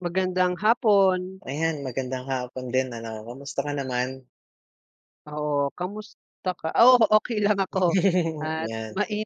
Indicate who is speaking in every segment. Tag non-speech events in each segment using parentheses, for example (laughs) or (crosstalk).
Speaker 1: Magandang hapon.
Speaker 2: Ayan, magandang hapon din ano. Kamusta ka naman?
Speaker 1: Oo, kamusta ka oo, okey lang ako
Speaker 2: (chuckles)
Speaker 1: at
Speaker 2: 'Yan.
Speaker 1: mai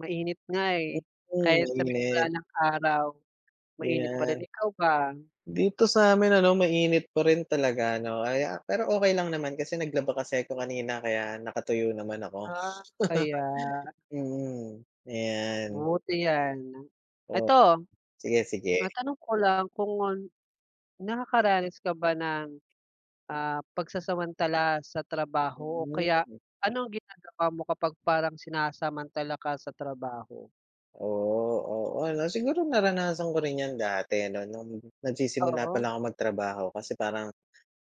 Speaker 1: Mainit nga, eh.
Speaker 2: Mm,
Speaker 1: Kahit sabihing wala
Speaker 2: mainit.
Speaker 1: ng araw, mainit pa rin.
Speaker 2: Ayan.
Speaker 1: Ikaw ba?
Speaker 2: Dito sa'min ano, mainit pa rin talaga 'no, kaya pero okey lang naman kasi naglaba kasi ako kanina kaya nakatuyo naman ako.
Speaker 1: Ah, kaya.
Speaker 2: (chuckles) Mm. Ayan.
Speaker 1: Buti 'yan.
Speaker 2: Op
Speaker 1: Ito,
Speaker 2: sige, sige.
Speaker 1: matanong ko lang kung, nakakaranas ka ba ng, ah, pagsasamantala sa trabaho o kaya
Speaker 2: Hmm.
Speaker 1: ano ang ginagawa mo kapag parang sinasamantala ka sa trabaho?
Speaker 2: Oo, oo, 'no. Siguro, naranasan ko rin 'yan dati ano, nung nagsisimula
Speaker 1: Oo.
Speaker 2: palang akong magtrabaho. Kasi parang,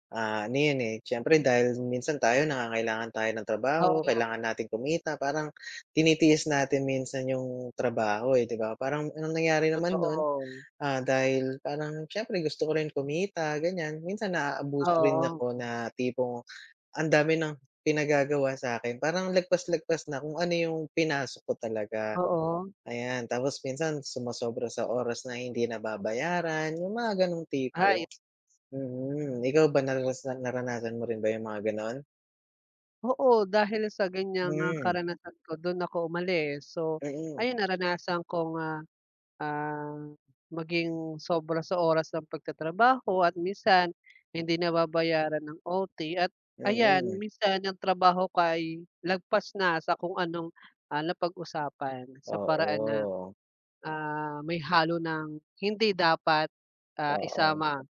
Speaker 2: ah, ano yun, eh, siyempre dahil minsan tayo nangangailangan tayo ng
Speaker 1: O.
Speaker 2: trabaho,
Speaker 1: (unintelligible)
Speaker 2: kailangan nating kumita, parang tinitiis natin minsan yung trabaho, eh, 'di ba? Parang ang nangyari naman no'n,
Speaker 1: Totoo.
Speaker 2: ah, dahil parang siyempre gusto ko rin kumita ganiyan, minsan naaabuso rin
Speaker 1: Oo.
Speaker 2: ako na tipong ang dami ng pinagagawa sa'kin. Parang lagpas-lagpas na kung ano yung pinasok ko talaga.
Speaker 1: Oo.
Speaker 2: Ayan, tapos minsan sumosobra sa oras na hindi nababayaran, yung mga gano'ng
Speaker 1: Hay.
Speaker 2: tipo. Mm. Ikaw ba naranas naranasan mo rin ba yung mga gano'n?
Speaker 1: Oo, dahil sa ganyang ah,
Speaker 2: Hmm.
Speaker 1: karanasan ko do'n ako umalis. So,
Speaker 2: Mm.
Speaker 1: ayun naranasan kong ah, ah, maging sobra sa oras ng pagtatrabaho at minsan hindi nababayaran ng OT. At ayan
Speaker 2: Mm.
Speaker 1: minsan ang trabaho ko ay lagpas na sa kung anong, ah, napag-usapan. Sa paraan na
Speaker 2: Oo.
Speaker 1: ah, may halo ng hindi dapat ah,
Speaker 2: Oo.
Speaker 1: isama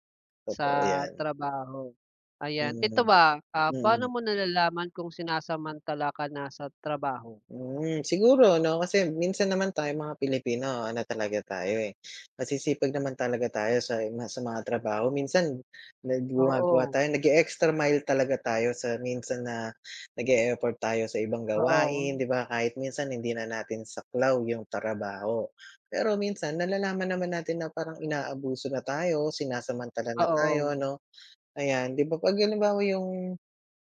Speaker 2: Totoo
Speaker 1: sa
Speaker 2: 'yan.
Speaker 1: trabaho. Ayan, ito
Speaker 2: Mm.
Speaker 1: ba, ah, paano
Speaker 2: Mm.
Speaker 1: mo nalalaman kung sinasamantala ka na sa trabaho?
Speaker 2: Mm. Siguro 'no kasi minsan naman tayong mga Pilipino ano talaga tayo eh, masisipag naman talaga tayo sa yun nga sa mga trabaho. Minsan nag gumagawa
Speaker 1: Oo.
Speaker 2: tayo nag-e-extra mile talaga tayo sa minsan na nag-e-effort tayo sa ibang gawain
Speaker 1: Oo.
Speaker 2: 'di ba? Kahit minsan hindi na natin saklaw 'yung trabaho. Pero minsan nalalaman naman natin na parang inaabuso na tayo, sinasamantala na tayo
Speaker 1: Oo.
Speaker 2: 'no. Ayan, 'di ba 'pag halimbawa 'yung,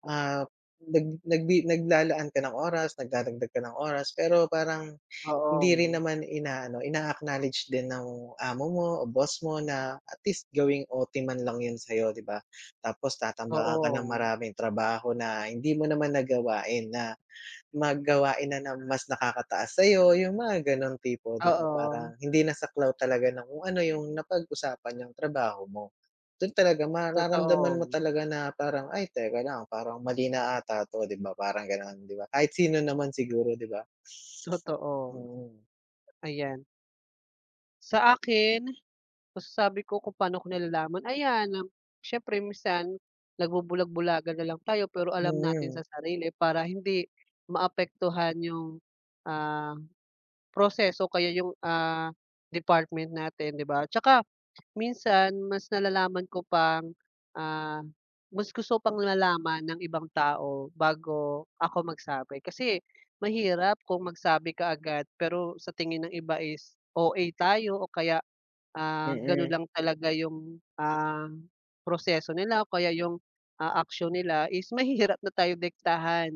Speaker 2: ah, nag nagbi naglalaan ka ng oras nagdadagdag ka ng oras pero parang hindi rin
Speaker 1: Oo.
Speaker 2: naman inaano, ina-acknowledge din ng amo mo o boss mo na at least gawing OT man lang 'yun sa'yo 'di ba? Tapos tatambakan ka ng
Speaker 1: Oo.
Speaker 2: maraming trabaho na hindi mo naman na gawain na mag gawain na ng mas nakakataas sa'yo 'yung mga gano'ng tipo, 'di ba?
Speaker 1: Oo.
Speaker 2: Parang hindi na saklaw talaga ng kung ano 'yung napag-usapan niyong trabaho mo. Do'n talaga mararamdaman mo
Speaker 1: Totoo.
Speaker 2: talaga na parang, "Ay, teka lang. Parang mali na 'ata 'to," 'di ba parang gano'n 'di ba? Kahit sino naman siguro 'di ba?
Speaker 1: Totoo.
Speaker 2: Mm.
Speaker 1: Ayan. Sa akin, masasabi ko kung paano ko nalalaman? Ayan. Syempre minsan, nagbubulag-bulagan na lang tayo pero alam natin
Speaker 2: Mhm.
Speaker 1: sa sarili para hindi maapektuhan yung, ah, proseso o kaya yung, ah, department natin, 'di ba? 'Tsaka minsan mas nalalaman ko pang, ah, mas gusto ko pang nalaman ng ibang tao bago ako magsabi. Kasi mahirap kung magsabi ka agad, pero sa tingin ng iba is OA tayo o kaya, ah, gano'n
Speaker 2: Mm.
Speaker 1: lang talaga yung, ah, proseso nila o kaya yung, ah, action nila is mahirap na tayo diktahan,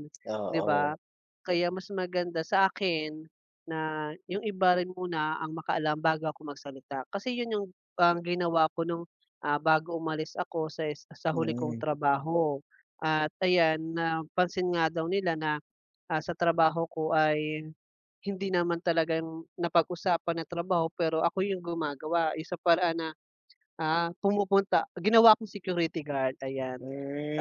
Speaker 1: 'di ba?
Speaker 2: Oo.
Speaker 1: Kaya mas maganda sa akin, na yung iba rin muna ang makaalam bago ako magsalita. Kasi 'yon yung parang ginawa ko nung, ah, bago umalis ako sa is sa huli kong
Speaker 2: Mm.
Speaker 1: trabaho. At ayan, napansin nga daw nila na, ah, sa trabaho ko ay, hindi naman talaga yung napag-usapan na trabaho pero ako yung gumagawa. Yung sa paraan na, ah, pumupunta ginawa akong security guard, ayan.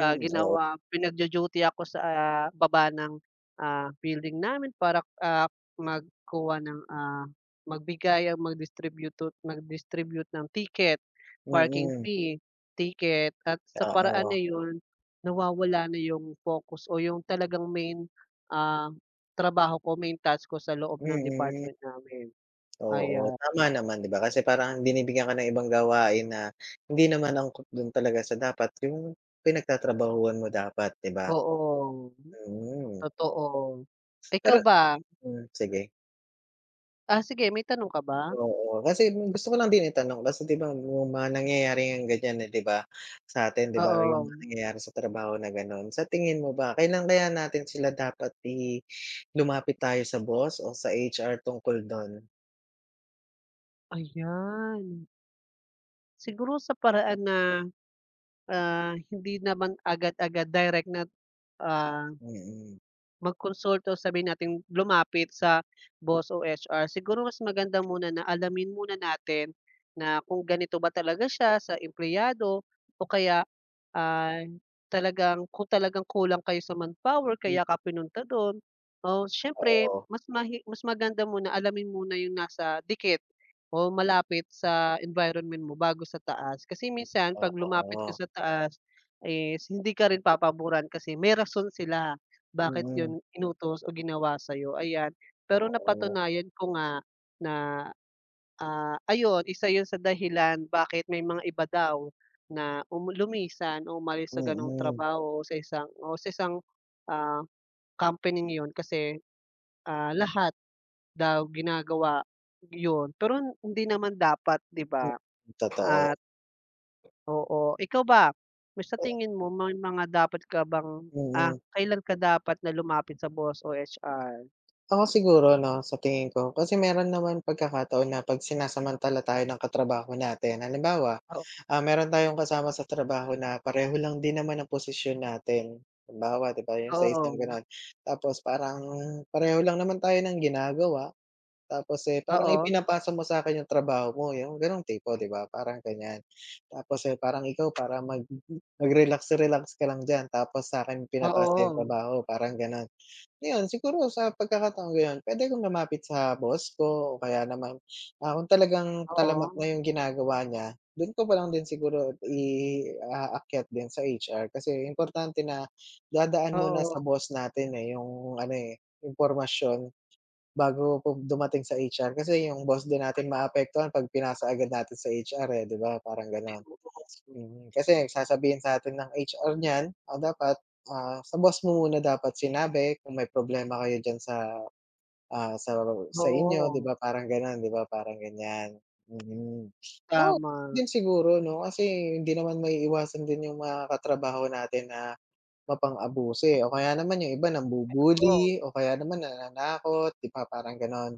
Speaker 1: Ah,
Speaker 2: Oo.
Speaker 1: ginawa pinagdu-duty ako sa, ah, baba ng, ah, building namin para, ah, magkuha ng, ah, magbigay o magdistributut mag-distribute ng ticket, parking
Speaker 2: Mm.
Speaker 1: fee ticket. At sa paraan
Speaker 2: Oo.
Speaker 1: na 'yon, nawawala na yung focus o yung talagang main, ah, trabaho ko, main task ko, sa loob ng
Speaker 2: Mm.
Speaker 1: department namin.
Speaker 2: Oo.
Speaker 1: Ayan.
Speaker 2: Tama naman, 'di ba? Kasi parang binibigyan ka ng ibang gawain na hindi naman angkop do'n talaga sa dapat yung pinagtatrabahuhan mo dapat, 'di ba?
Speaker 1: Oo.
Speaker 2: Mhm.
Speaker 1: Totoo. Ikaw
Speaker 2: Pero
Speaker 1: ba?
Speaker 2: hmm, sige.
Speaker 1: Ah, sige, may tanong ka ba?
Speaker 2: Oo, kasi gusto ko lang din itanong kasi ‘di ba, yung mga nangyayari ngang ganyan, eh, ‘di ba, sa atin ‘di ba, yung mga
Speaker 1: Oo.
Speaker 2: nangyayari sa trabaho na gano’n. Sa tingin mo ba kailan kaya natin sila dapat i lumapit tayo sa boss o sa HR tungkol dun?
Speaker 1: Ayan. Siguro sa paraan na, ah, hindi naman agad-agad direct na, ah,
Speaker 2: Mm.
Speaker 1: magkonsulta, sabihin natin lumapit sa boss o HR. Siguro mas maganda muna na alamin muna natin na kung ganito ba talaga siya sa empleyado o kaya ay talagang kung talagang kulang kayo sa manpower
Speaker 2: M
Speaker 1: kaya ka pinunta dun. Oh, siyempre,
Speaker 2: Oo.
Speaker 1: mas mahi mas maganda muna alamin muna yung nasa dikit o malapit sa environment mo bago sa taas. Kasi minsan ‘pag lumapit ka
Speaker 2: Oo.
Speaker 1: sa taas is hindi ka rin papaburan kasi may rason sila bakit
Speaker 2: Mm.
Speaker 1: ‘yon inutos o ginawa sa’yo, ayan. Pero
Speaker 2: Oo.
Speaker 1: napatunayan ko nga na, ah, ayun, isa yun sa dahilan bakit may mga iba daw na um lumisan o umalis sa ganung
Speaker 2: Mm.
Speaker 1: trabaho sa isang o sa isang, ah, company na yun kasi, ah, lahat daw ginagawa yun pero hindi naman dapat ‘di ba,
Speaker 2: Totoo.
Speaker 1: at Oo. Ikaw ba, sa tingin mo may mga dapat ka bang ah,
Speaker 2: Mm.
Speaker 1: kailan ka dapat na lumapit sa boss o HR?
Speaker 2: Ako siguro ano sa tingin ko, kasi meron naman pagkakataon na ‘pag sinasamantala tayo ng katrabaho natin. Halimbawa,
Speaker 1: Oo.
Speaker 2: ah, meron tayong kasama sa trabaho na pareho lang din naman ang posisyon natin. Halimbawa ‘di ba, yung sa isang
Speaker 1: Oo.
Speaker 2: gano'n, tapos parang pareho lang naman tayo ng ginagawa. Tapos, eh, parang
Speaker 1: Oo.
Speaker 2: ipinapasa mo sa'kin yung trabaho mo yung ganong tipo, ‘di ba? Parang ganyan, tapos, eh, parang ikaw para mag mag-relax-relax ka lang diyan tapos sa'kin pinapasa yung
Speaker 1: Oo.
Speaker 2: trabaho, parang gano’n. Ngayon, siguro sa pagkakataong gano’n puwede kong lumapit sa boss ko o kaya naman, ah, kung talagang talamak
Speaker 1: Oo.
Speaker 2: na yung ginagawa niya, dun ko pa lang din siguro i-aakyat din sa HR kasi importante na dadaan muna
Speaker 1: Oo.
Speaker 2: sa boss natin, eh, yung ano, eh, impormasyon, bago pu dumating sa HR kasi yung boss din natin maapektuhan ‘pag pinasa agad natin sa HR, eh, ‘di ba, parang gano’n.
Speaker 1: (unintelligible)
Speaker 2: Mm, kasi ang sasabihin sa'tin ng HR niyan, ah, dapat, ah, sa boss mo muna dapat sinabi kung may problema kayo diyan sa, ah, sa
Speaker 1: Oh,
Speaker 2: sa inyo ‘di
Speaker 1: oo.
Speaker 2: ba, parang ganon ‘di ba, parang ganyan. Mm, ah, yun
Speaker 1: Tama.
Speaker 2: din siguro ‘no, kasi hindi naman maiiwasan din yung mga katrabaho natin na mapang-abuso, eh, o kaya naman yung iba
Speaker 1: Ay totoo.
Speaker 2: nangbu-bully, o kaya naman nananakot ‘di ba, parang gano’n.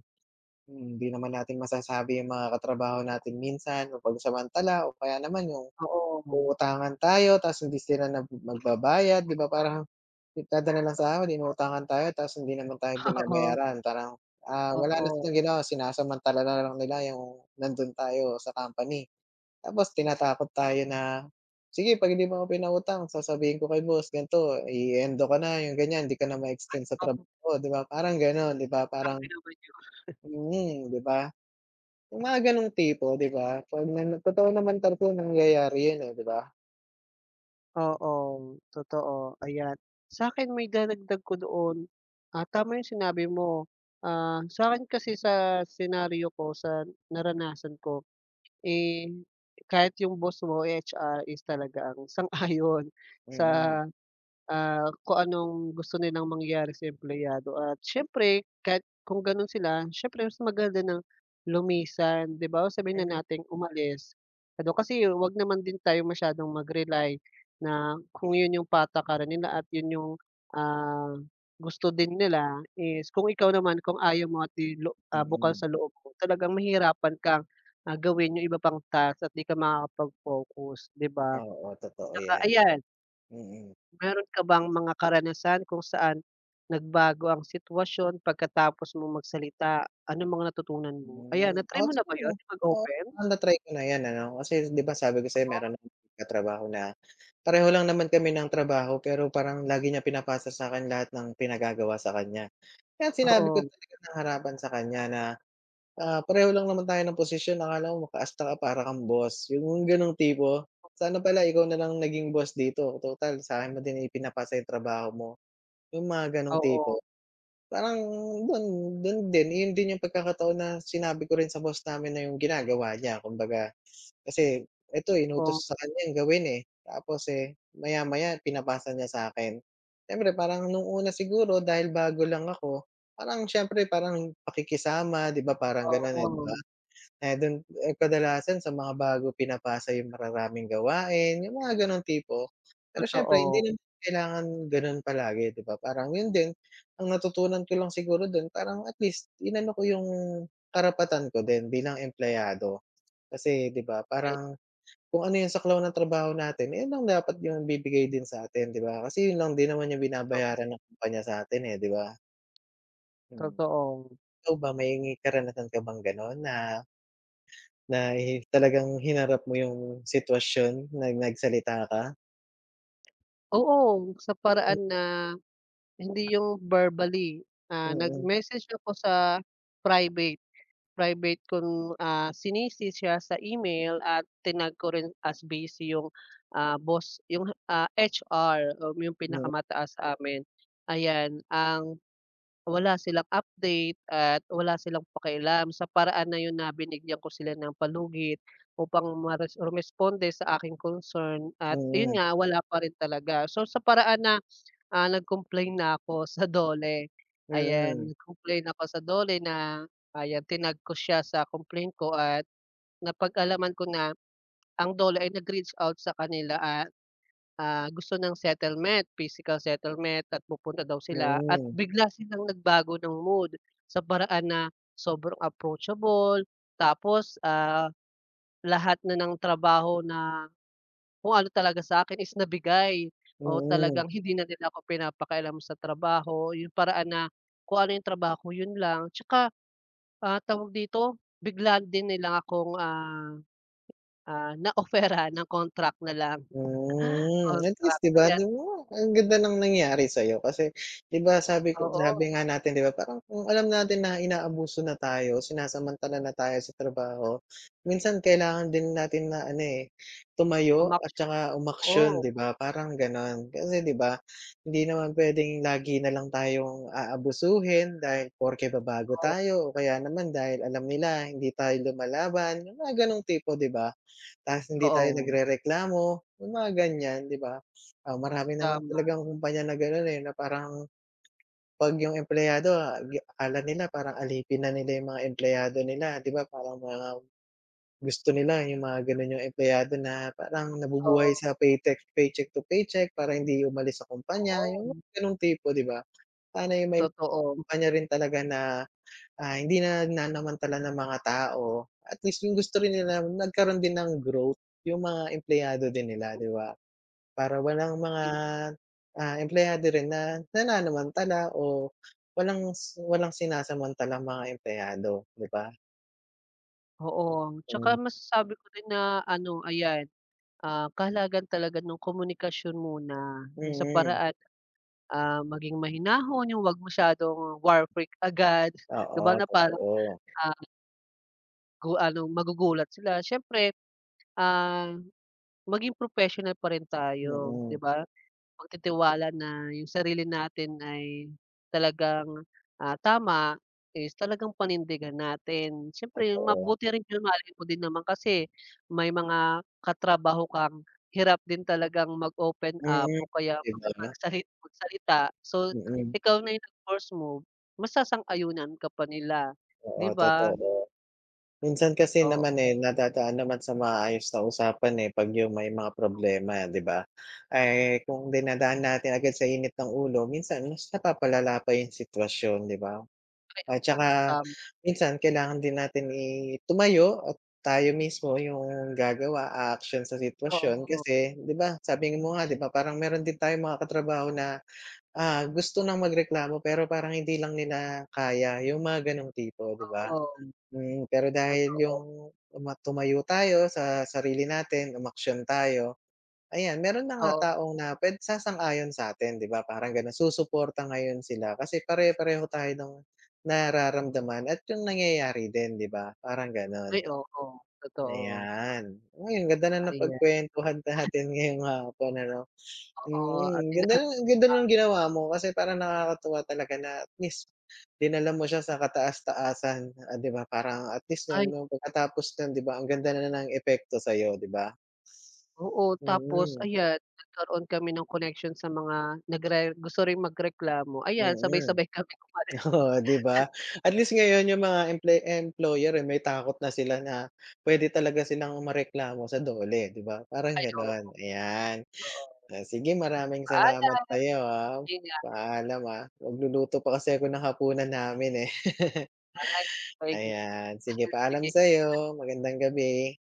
Speaker 2: Mm, ‘di naman natin masasabi yung mga katrabaho natin minsan mapansamantala, o kaya naman yung
Speaker 1: Oo.
Speaker 2: uutangan tayo tapos hindi sila nag magbabayad, di ba parang nagdadala ng sahod, inuutangan tayo, tas hindi naman tayo
Speaker 1: Oo.
Speaker 2: binabayaran. Parang, ah, wala na
Speaker 1: Oo.
Speaker 2: silang ginawa, sinasamantala na lang nila yung nandun tayo sa company. Tapos tinatakot tayo na, "Sige ‘pag hindi mo ako pinautang sasabihin ko kay boss ganito i-e-endo ka na," yung ganyan. "Di ka na ma-extend sa
Speaker 1: Um.
Speaker 2: trabaho," ‘di ba parang ganon ‘di ba, parang
Speaker 1: Grabe naman ‘yon.
Speaker 2: mm, ‘di ba? Yung mga gano’ng tipo ‘di ba, ‘pag na totoo naman talagang nangyayari yun eh, ‘di ba?
Speaker 1: Oo. Totoo, ayan. Sa'kin maidadagdag ko doon, ah, tama 'yong sinabi mo. Ah, sa'kin kasi sa senaryo ko, sa naranasan ko, eh, kahit 'yong boss mo, eh, HR is talaga ang sang-ayon sa,
Speaker 2: Mm.
Speaker 1: ah, kung anong gusto nilang mangyari sa empleyado at siyempre kahit kung gano'n sila, siyempre mas maganda nang lumisan, 'di ba, sabihin
Speaker 2: Hmm.
Speaker 1: na nating umalis. Ano kasi, huwag naman din tayo masyadong mag rely na, kung 'yon 'yong patakaran nila at 'yon 'yong, ah, gusto din nila is kung ikaw naman kung ayaw mo at 'di lo ah, bukal
Speaker 2: Mm.
Speaker 1: sa loob mo, talagang mahihirapan kang, ah, gawin 'yong iba pang task at 'di ka makakapag-focus, 'di ba?
Speaker 2: Oo, totoo
Speaker 1: Tsaka
Speaker 2: yan.
Speaker 1: ayan
Speaker 2: Mm.
Speaker 1: Meron ka bang mga karanasan kung saan, nagbago ang sitwasyon pagkatapos mong magsalita? Ano mga natutunan mo? Ayan
Speaker 2: Mm.
Speaker 1: na-try mo na ba 'yon,'
Speaker 2: (unintelligible)
Speaker 1: yong
Speaker 2: Oo,
Speaker 1: mag-open?
Speaker 2: parang na-try ko na ’yan ano. Kasi, s ’di ba, sabi ko sa’yo
Speaker 1: Oo.
Speaker 2: meron akong katrabaho na, pareho lang naman kami ng trabaho, pero parang lagi niya pinapasa sa’kin lahat ng pinagagawa sa kanya. Kaya sinabi ko
Speaker 1: Oo.
Speaker 2: talaga nang harapan sa kanya na, ah, "Pareho lang naman tayo ng posisyon, akala mo maka-asta ka para kang boss", ’yong gano'ng tipo. "Sana pala ikaw na lang naging boss dito, total, sa’kin mo din ipinapasa ’yong trabaho mo", ’yong mga gano'ng tipo.
Speaker 1: Oo.
Speaker 2: Parang do’n, do’n din, ’yon din ’yong pagkakataon na sinabi ko rin sa boss namin na ’yong ginagawa niya, kumbaga. Kasi, eto
Speaker 1: Oo.
Speaker 2: inutos sa kanyang gawin eh, tapos eh, maya-maya pinapasa niya sa'kin. Siyempre, parang nung una siguro dahil bago lang ako, parang siyempre parang pakikisama, ’di ba, parang gano'n eh, ’di ba.
Speaker 1: Oo.
Speaker 2: Eh, do’n, eh, kadalasan sa mga bago pinapasa ’yong mararaming gawain, ’yong mga gano'ng tipo. Pero siyempre,
Speaker 1: Totoo.
Speaker 2: hindi naman kailangan gano'n palagi, ’di ba, parang, ’yon din ang natutunan ko lang siguro do’n parang, at least, inano ko ’yong, karapatan ko din bilang empleyado. Kasi, ’di ba,
Speaker 1: Ay.
Speaker 2: parang kung ano ’yong saklaw ng trabaho natin, eh, ’yon lang dapat ’yong ibibigay din sa atin, ’di ba? Kasi ’yon lang din naman ’yong
Speaker 1: Totoo.
Speaker 2: binabayaran ng kumpanya sa’tin eh, ’di ba? Hmm.
Speaker 1: Totoo.
Speaker 2: Ikaw ba, may karanasan ka bang gano'n na na hi talagang hinarap mo 'yong sitwasyon, na nagsalita ka?
Speaker 1: Oo, sa
Speaker 2: Mm.
Speaker 1: paraan na hindi 'yung verbally. Ah,
Speaker 2: Mm.
Speaker 1: nag-message ako sa private, private kong, ah, C-ni-C siya sa email at tinag ko rin as busy 'yung, ah, boss 'yung, ah, HR, um, 'yung
Speaker 2: Mm.
Speaker 1: pinakamataas sa amin. Ayan, ang, wala silang update at wala silang pakialam sa paraan na 'yun na binigyan ko sila ng palugit upang mares rumesponde sa aking concern at ayun
Speaker 2: Mm.
Speaker 1: nga wala pa rin talaga. So sa paraan na, ah, nag-complain na ako sa DOLE, ayan.
Speaker 2: Mm.
Speaker 1: Nag-complain ako sa DOLE na ayan tinag ko siya sa complain ko at napag-alaman ko na ang DOLE ay nag-reach out sa kanila at, ah, gusto ng settlement. Physical settlement at pupunta daw sila at
Speaker 2: Mm.
Speaker 1: bigla silang nagbago ng mood, sa paraan na sobrang approachable, tapos, ah, lahat na ng trabaho na kung ano talaga sa'kin is nabigay, oo,
Speaker 2: Mm.
Speaker 1: talagang hindi na nila ako pinapakialam sa trabaho. 'Yung paraan na kung ano 'yung trabaho ko 'yun lang. Tsaka, ah, tawag dito bigla din nilang akong, ah, ah, na-offer-an ng contract na lang,
Speaker 2: Hmm at least
Speaker 1: contract,
Speaker 2: 'di ba?
Speaker 1: kaya't
Speaker 2: Tignan mo ang ganda ng nangyari sa'yo, kasi 'di ba sabi ko
Speaker 1: Oo.
Speaker 2: sabi nga natin 'di ba, parang kung alam natin na inaabuso na tayo, sinasamantala na tayo sa trabaho, minsan kailangan din natin na ano eh, tumayo at
Speaker 1: Umaksyon.
Speaker 2: saka umaksyon
Speaker 1: Oo.
Speaker 2: 'di ba parang ganon. Kasi 'di ba, hindi naman pwedeng lagi na lang tayong aabusuhin dahil porke ba bago
Speaker 1: Oo.
Speaker 2: tayo o kaya naman dahil alam nila hindi tayo lumalaban. 'Yung mga ganong tipo, 'di ba? Ta's hindi tayo
Speaker 1: Oo.
Speaker 2: nagrereklamo, 'yung mga ganyan, 'di ba? Ah, marami naman
Speaker 1: Tama.
Speaker 2: talagang kumpanya na ganon eh 'no, parang 'pag 'yung empleyado, ah, ge akala nila parang alipin na nila 'yung mga empleyado nila, 'di ba parang mga gusto nila 'yung mga ganun 'yung empleyado na parang nabubuhay
Speaker 1: Oo.
Speaker 2: sa paytek paycheck to paycheck para hindi umalis sa kumpanya 'yung
Speaker 1: Oo.
Speaker 2: ganong tipo 'di ba? Sana 'yung may
Speaker 1: Totoo.
Speaker 2: kumpanya rin talaga na, ah, hindi nananamantala ng mga tao. At least 'yung gusto rin nila nagkaroon din ng growth, 'yung mga empleyado din nila, 'di ba? Para walang mga,
Speaker 1: Ay.
Speaker 2: ah, empleyado rin na nananamantala o walang si walang sinasamantalang mga empleyado, 'di ba?
Speaker 1: Oo, tsaka
Speaker 2: Ay.
Speaker 1: masasabi ko rin na ano ayan, ah, kahalagahan talaga nung komunikasyon muna yung sa
Speaker 2: Mm.
Speaker 1: paraan, ah, maging mahinahon yung 'wag masyadong war freak agad di ba,
Speaker 2: Oo,
Speaker 1: na parang
Speaker 2: totoo.
Speaker 1: ang Gawa nung magugulat sila siyempre, ah, maging professional pa rin tayo, di
Speaker 2: Mm.
Speaker 1: ba. Pagtitiwala na yung sarili natin ay, talagang ah, tama, is talagang panindigan natin. Siyempre
Speaker 2: Totoo.
Speaker 1: mabuti rin yung mahalin mo din naman kasi may mga katrabaho kang hirap din talagang mag-open up
Speaker 2: Mm,
Speaker 1: o kaya
Speaker 2: iba na.
Speaker 1: makipagsali magsalita, so
Speaker 2: Mm.
Speaker 1: ikaw na yung mag first move, masasang-ayunan ka pa nila,
Speaker 2: Oo,
Speaker 1: di ba?
Speaker 2: totoo. Minsan kasi
Speaker 1: Oo.
Speaker 2: naman eh, nadadaan naman sa maayos na usapan eh, pag yung may mga problema di ba. Eh, kung dinadaan natin agad sa init ng ulo minsan mas napapalala pa yung sitwasyon, di ba?
Speaker 1: Ay
Speaker 2: At
Speaker 1: oo,
Speaker 2: tsaka,
Speaker 1: tama.
Speaker 2: minsan kailangan din natin i tumayo at tayo mismo yung gagawa, aaksyon sa sitwasyon
Speaker 1: Oo.
Speaker 2: kasi di ba, sabi mo nga di ba, parang meron din tayong mga katrabaho na, ah, gusto ng magreklamo pero parang hindi lang nila kaya yung mga ganong tipo, di ba.
Speaker 1: Oo.
Speaker 2: Mm, pero dahil
Speaker 1: Totoo.
Speaker 2: yung, tuma tumayo tayo sa sarili natin, umaksyon tayo, ayan meron na nga
Speaker 1: Oo.
Speaker 2: taong na pwed sasang-ayon satin di ba, parang ganon. Susuporta ngayon sila kasi pare-pareho tayo, ng nararamdaman at yung nangyayari din di ba, parang ganon.
Speaker 1: Ay oo, totoo.
Speaker 2: Ayan, uy ang ganda ng
Speaker 1: Ayan.
Speaker 2: napagkwentuhan natin ngayon hapon ano.
Speaker 1: Oo at
Speaker 2: Mm,
Speaker 1: ina
Speaker 2: ganda nung, ganda
Speaker 1: ang.
Speaker 2: ng ginawa mo kasi parang nakakatuwa talaga na at least, dinala mo siya sa kataas-taasan o di ba, parang at least
Speaker 1: Ay.
Speaker 2: nun yung pagkatapos nun di ba, ang ganda na ng epekto sayo, di ba?
Speaker 1: Oo, tapos
Speaker 2: Mm.
Speaker 1: ayan nagkaroon kami ng connection sa mga nagre gusto ring magreklamo, ayan
Speaker 2: Mm.
Speaker 1: sabay-sabay kaming umalis.
Speaker 2: Oo, di
Speaker 1: (chuckles)
Speaker 2: ba, at least ngayon yung mga employ employer eh, may takot na sila na puwede talaga silang mareklamo sa DOLE di ba, parang
Speaker 1: Ay oo.
Speaker 2: ganon. Ayan,
Speaker 1: Oo.
Speaker 2: o sige maraming salamat
Speaker 1: Paalam.
Speaker 2: sa'yo ah,
Speaker 1: Yun nga.
Speaker 2: paalam ah. Magluluto pa kasi ako ng hapunan namin eh. (laughs)
Speaker 1: Ay, maigi.
Speaker 2: Ayan, sige paalam
Speaker 1: Sige.
Speaker 2: sa'yo, magandang gabi.